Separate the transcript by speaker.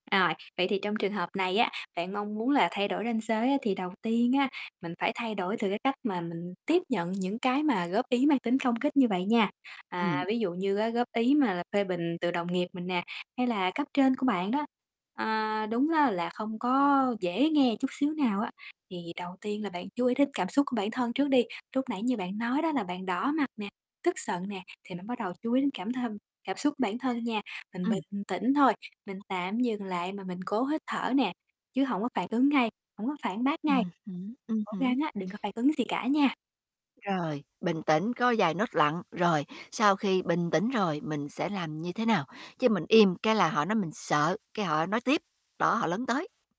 Speaker 1: Rồi, vậy thì trong trường hợp này á, bạn mong muốn là thay đổi ranh giới á, thì đầu tiên á, mình phải thay đổi từ cái cách mà mình tiếp nhận những cái mà góp ý mang tính công kích như vậy nha, à,
Speaker 2: Ừm.
Speaker 1: ví dụ như á góp ý mà là phê bình từ đồng nghiệp mình nè hay là cấp trên của bạn đó. À, đúng á là không có dễ nghe chút xíu nào á, thì đầu tiên là bạn chú ý đến cảm xúc của bản thân trước đi. Lúc nãy như bạn nói đó là bạn đỏ mặt nè, tức giận nè, thì bạn bắt đầu chú ý đến cảm thân cảm xúc của bản thân nha. Mình
Speaker 2: Ừm.
Speaker 1: bình tĩnh thôi, mình tạm dừng lại mà mình cố hít thở nè, chứ hổng có phản ứng ngay, hổng có phản bác ngay.
Speaker 2: Ừm hứm, ừm
Speaker 1: Cố gắng
Speaker 2: hứm.
Speaker 1: á, đừng có phản ứng gì cả nha.
Speaker 2: Rồi, bình tĩnh cố vài nốt lặng, rồi sau khi bình tĩnh rồi mình sẽ làm như thế nào? Chứ mình im cái là họ nói mình sợ, cái họ nói tiếp, đó họ lấn tới.